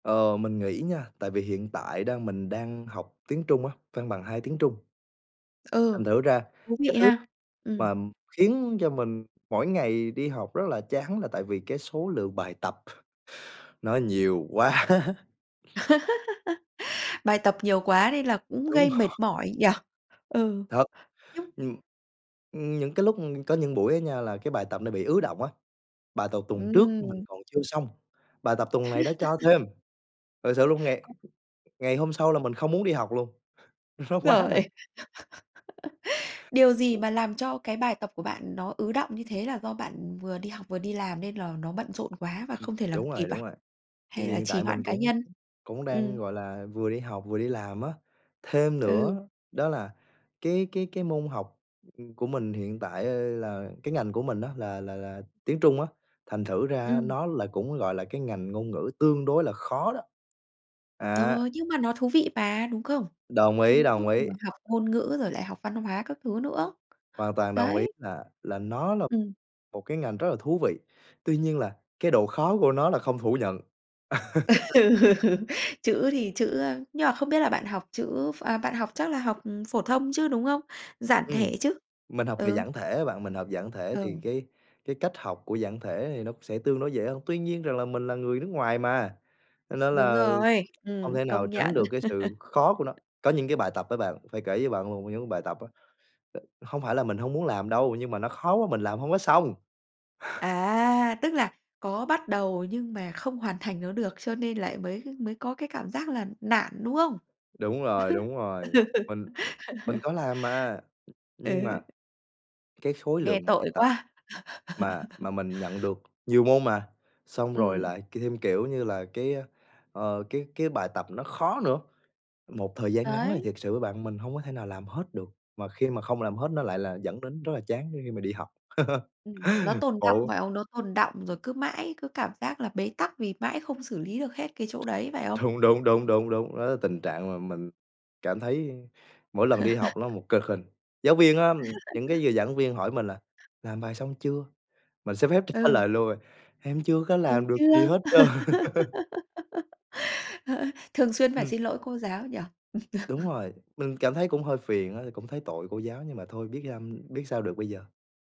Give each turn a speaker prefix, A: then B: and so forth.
A: Ờ, mình nghĩ nha tại vì hiện tại đang mình đang học tiếng Trung á, văn bằng 2 tiếng Trung.
B: Ừ,
A: Thành thử ra
B: thú
A: cái
B: vị
A: thứ
B: ha! Ừm.
A: mà khiến cho mình mỗi ngày đi học rất là chán là tại vì cái số lượng bài tập, nó nhiều quá!
B: Bài tập nhiều quá nên là cũng
A: Đúng
B: gây mệt
A: rồi.
B: mỏi nhỉ? Ừ.
A: Thật.
B: Như
A: Ừm. Ừm, những cái lúc, ưm có những buổi á nha là cái bài tập nó bị ứ đọng á, bài tột tuần trước mình
B: Ừm.
A: còn chưa xong, bài tập tuần này đã cho thêm! Thật sự luôn ngày ngày hôm sau là mình không muốn đi học luôn, nó quá là
B: Rồi. Điều gì mà
A: [unintelligible]
B: làm cho cái bài tập của bạn nó ứ đọng như thế? Là do bạn vừa đi học vừa đi làm nên là nó bận rộn quá và
A: Ừm.
B: không thể làm
A: Đúng
B: kịp
A: rồi, đúng
B: à?
A: rồi, tại
B: Hay
A: vì
B: là
A: hiện
B: trì
A: tại
B: hoãn
A: mình
B: cá
A: cũng
B: nhân?
A: cũng đang,
B: Ừm.
A: gọi là, vừa đi học vừa đi làm á. Thêm
B: Ừ.
A: nữa đó là cái cái cái môn học, ừm, của mình hiện tại, ơ, là cái ngành của mình á là là là tiếng Trung á, thành thử ra
B: Ừm.
A: nó là cũng, gọi là, cái ngành ngôn ngữ tương đối là khó đó.
B: Ờ,
A: Á.
B: nhưng mà nó thú vị mà, đúng không?
A: Đồng ý,
B: Trung
A: đồng
B: Quốc
A: ý.
B: mà học ngôn ngữ rồi lại học văn hóa các thứ nữa.
A: Hoàn toàn đồng ý,
B: Đấy.
A: là là nó là
B: Ừm.
A: một cái ngành rất là thú vị, tuy nhiên là cái độ khó của nó là không phủ nhận.
B: Ừ. Chữ thì chữ, ơ nhưng mà không biết là bạn học chữ ph à, bạn học chắc là học phổ thông chứ, đúng không? Giản
A: Ừm,
B: thể chứ?
A: mình học về
B: Ừ.
A: giản thể á bạn, mình học giản thể thì
B: Ừ.
A: cái cái cách học của giản thể thì nó sẽ tương đối dễ hơn. Tuy nhiên rằng là mình là người nước ngoài mà, cho nên
B: Đúng
A: là
B: rồi,
A: hông
B: ừm,
A: thể nào
B: công
A: tránh
B: nhận.
A: được cái sự khó của nó. Có những cái bài tập á bạn, phải kể cho bạn một trong những bài tập á, không phải là mình hông muốn làm đâu nhưng mà nó khó quá mình làm hông có xong.
B: À, tức là có bắt đầu nhưng mà không hoàn thành nó được cho nên lại mới mới có cái cảm giác là nản, đúng không?
A: Đúng rồi, đúng rồi. Mình mình có làm mà, nhưng mà
B: Ừ.
A: cái khối
B: Nghe
A: lượng bài
B: tội
A: tập
B: quá!
A: mà mà mình nhận được nhiều môn mà, xong rồi
B: Ừm.
A: lại thêm, kiểu như là, cái, ờ, cái cái bài tập nó khó nữa. Một thời gian ngắn thì
B: Đấy.
A: thiệt sự với bạn mình hông có thể nào làm hết được, mà khi mà không làm hết nó lại là dẫn đến rất là chán khi khi mà đi học.
B: Ừm, nó tồn đọng,
A: Khổ.
B: phải không? Nó tồn đọng rồi cứ mãi cứ cảm giác là bế tắc vì mãi không xử lý được hết cái chỗ đấy, phải không?
A: Thúng, đúng, đúng, đúng, đúng, đó là tình trạng mà mình cảm thấy mỗi lần đi học nó một cực hình. Giáo viên á, những cái giờ giảng viên hỏi mình là "Làm bài xong chưa?" Mình xin phép trả
B: Ừ.
A: lời luôn à: "Em chưa có
B: Mình
A: làm được gì
B: chưa.
A: hết trơn."
B: Ờ. Thường xuyên phải
A: Ừm.
B: xin lỗi cô giáo nhỉ?
A: Đúng rồi, mình cảm thấy cũng hơi phiền á, thì cũng thấy tội cô giáo nhưng mà thôi biết am biết sao được bây giờ.